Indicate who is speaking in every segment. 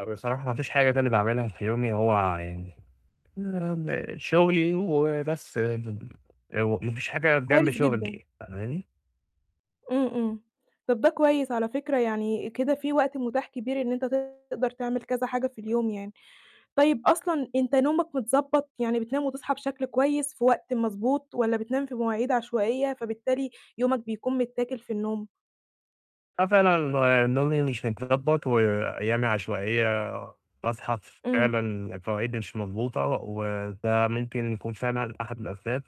Speaker 1: هو بصراحة ما فيش حاجة تاني باعملها في يومي هو يعني [unintelligible] شغلي وبس م آآ ما فيش حاجة جنب
Speaker 2: كويس جدًا.
Speaker 1: شغلي، فاهماني؟
Speaker 2: إمم، إمم. طَب ده كويس على فكرة يعني كده في وقت متاح كبير إن أنت تقدر تعمل كذا حاجة في اليوم يعني. طيب أصلًا أنت نومك متضبّط يعني بتنام وتصحى بشكل كويس في وقت مضبوط والّا بتنام في مواعيد عشوائية، فبالتالي يومك بيكون متّاكل في النوم؟
Speaker 1: آه فعلًا نومي مش متضبّط وأيامي عشوائية، باصحى
Speaker 2: إمم.
Speaker 1: فعلًا فى مواعيد مش مضبوطة، وده ممكن يكون فعلًا أحد الأسباب،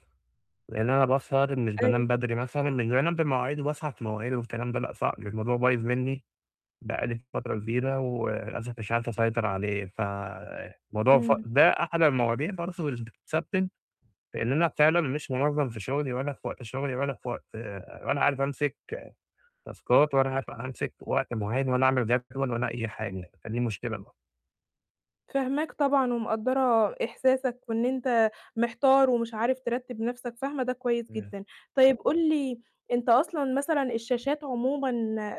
Speaker 1: لأن أنا باسهر مش بانام
Speaker 2: أيوه.
Speaker 1: بدري مثلًا مش بانام بمواعيد وباصىحى في مواعيد والكلام ده، لأ صعب، الموضوع بايظ مني بقى لي فترة كبيرة، وللأسف مش عارف أسيطر عليه، فالموضوع ف
Speaker 2: إمم.
Speaker 1: ده أحد المواضيع برضه اللي بتسبِّب لإن أنا فعلًا مش منظَّم في شغلي، ولا في وقت شغلي، ولا في وقت ولا عارف أمسِك تاسكات ولا عارف أمسِك وقت معيّن، ولا أعمل جدول ولا أي حاجة، فدي مشكلة ب
Speaker 2: فاهماك طبعًا ومقدّرة إحساسك، وإن أنت محتار ومش عارف ترتِّب نَفْسك، فاهمة ده كويس
Speaker 1: امم.
Speaker 2: جدًا. طيب قُل لي أنت أصلًا مثلًا الشاشات عمومًا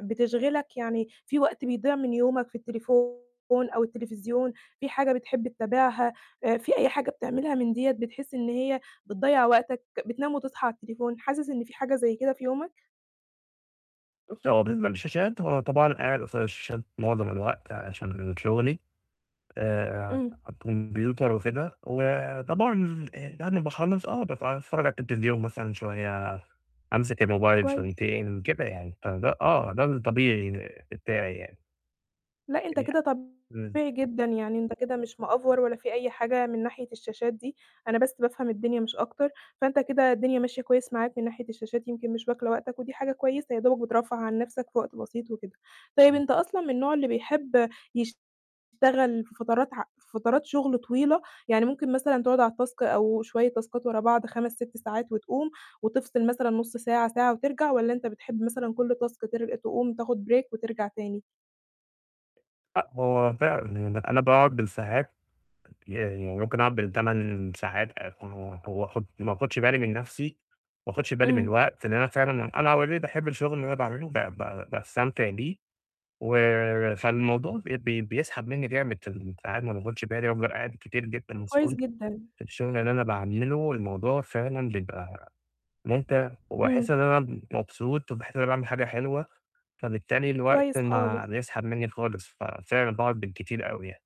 Speaker 2: بتشغلك؟ يعني في وقت بيضيع من يومك في التليفون أو التليفزيون، في حاجة بتحب تتابعها، آآ في أي حاجة بتعملها من ديَّة بتحس إن هي بتضيّع وقتك بتنام وتصحى على التليفون، حاسس إن في حاجة زي كده في يومك؟
Speaker 1: بُصّي، هو بالنسبة للشاشات هو طبعًا قاعد قصاد الشاشات معظم الوقت عشان شغلي آآ،
Speaker 2: إمم.
Speaker 1: كمبيوتر وكده، وطبعًا آآ يعني باخلّص آه با باتفرّج على التلفزيون مثلًا شوية، أمسِك الموبايل
Speaker 2: كويس.
Speaker 1: شويتين، كده يعني، فده آه، ده الطبيعي بتاعي يعني.
Speaker 2: لأ، أنت
Speaker 1: [unintelligible]
Speaker 2: كده
Speaker 1: إمم.
Speaker 2: طبيعي جدًا، يعني أنت كده مش مأفور ولا في أي حاجة من ناحية الشاشات دي، أنا بس بافهم الدنيا مش أكتر، فأنت كده الدنيا ماشية كويس معاك من ناحية الشاشات، يمكن مش واكلة وقتك ودي حاجة كويسة يا دوبك بترفّه عن نَفْسك في وقت بسيط وكده، طيب
Speaker 1: إمم.
Speaker 2: أنت أصلًا من النوع اللي بيحب يشتغل في فترات ع في فترات شغل طويلة، يعني ممكن مثلًا تقعد على التاسك أو شوية تاسكات ورا بعض 5، 6 ساعات وتقوم وتفصل مثلًا نُص ساعة، ساعة وترجع، والَّا أنت بتحب مثلًا كُلّ تاسك تر تقوم تاخد break وترجع تاني؟
Speaker 1: أ هو فعلًا، يعني أنا باقعد بالساعات يعني ممكن أقعد بال8 ساعات [unintelligible] وآخُد ما آخُدش بالي من نَفْسي، وما آخُدش بالي من
Speaker 2: إمم.
Speaker 1: الوقت لأن أنا فعلًا أنا already باحب الشغل اللي أنا باعمله، ب ب باستمتع بيه و فالموضوع بي بي بيسحب مني جامد فال ساعات ما باخُدش بالي وافضل قاعد كتير جدًا
Speaker 2: طَب كويس
Speaker 1: مسحول
Speaker 2: جدًا.
Speaker 1: في الشغل اللي أنا باعمله، والموضوع فعلًا بيبقى إن أنت وباحس
Speaker 2: إمم.
Speaker 1: إن أنا مبسوط، وباحس إن أنا باعمل حاجة حلوة، فبالتالي الوقت
Speaker 2: كويس
Speaker 1: ما
Speaker 2: خالص.
Speaker 1: بيسحب مني خالص، ففعلًا باقعد بالكتير أوي يعني.